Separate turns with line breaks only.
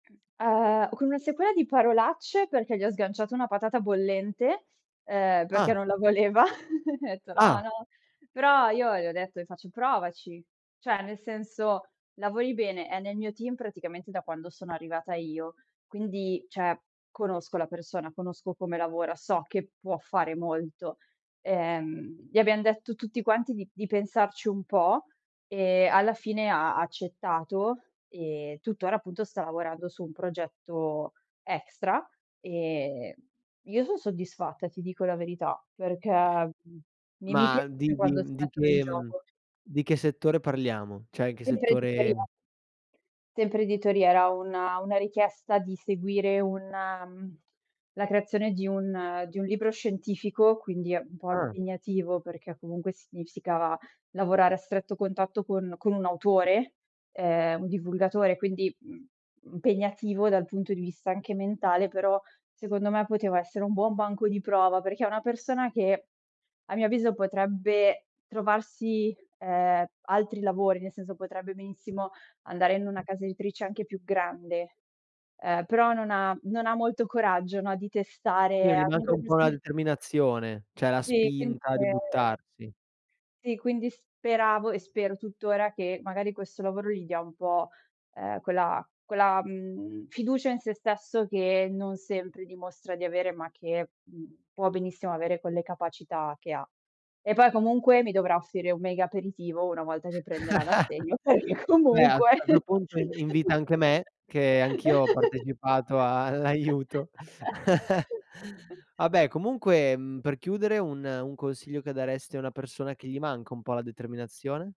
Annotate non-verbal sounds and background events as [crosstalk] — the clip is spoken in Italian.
Uhm, con una sequela di parolacce, perché gli ho sganciato una patata bollente, uhm, perché
Ah.
non la voleva, [laughs] gli ho etto: "No,
Ah.
no". Però io gli ho detto le faccio: "Provaci". Cioè, nel senso, lavori bene, è nel mio team praticamente da quando sono arrivata io, quindi, cioè, conosco la persona, conosco come lavora, so che può fare molto, ehm, gli abbiam detto tutti quanti di di pensarci un po' e, alla fine, ha ha accettato e tuttora, appunto, sta lavorando su un progetto extra e io son soddisfatta, ti dico la verità, perché, mhmm, mi mi
Ma
piace
di
quando si
di di
mettono in
che mhmm,
gioco.
di che settore parliamo? Cioè, in che
Sempre editoria.
settore
Sempre editoria, era una una richiesta di seguire un la creazione di un di un libro scientifico, quindi è un po'
Ah.
impegnativo, perché comunque significava lavorare a stretto contatto con con un autore, ehm, un divulgatore, quindi, mhmm, impegnativo dal punto di vista anche mentale, però, secondo me, poteva essere un buon banco di prova. Perché è una persona che, a mio avviso, potrebbe trovarsi, ehm, altri lavori, nel senso potrebbe benissimo andare in una casa editrice anche più grande, ehm, però non ha non ha molto coraggio, no, di
Sì,
testare
gli manca un po' una
[unintelligible]
determinazione, cioè la
Sì, quind
spinta di
ehm
buttarsi.
Sì, quindi speravo e spero tuttora che, magari, questo lavoro gli dia un po', ehm, quella quella, mhmm, fiducia in se stesso che non sempre dimostra di avere, ma che, mhmm, può benissimo avere quelle capacità che ha. E poi, comunque, mi dovrà offrire un mega aperitivo una volta che prenderà
[chuckles]
l'assegno, perché
Vabbè, a s
comunque
a sto punto in invita anche me, che anch'io ho partecipato all'aiuto. [laughs]
[laughs]
Vabbè, comunque, mhmm, per chiudere un un consiglio che daresti a una persona che gli manca un po' la determinazione?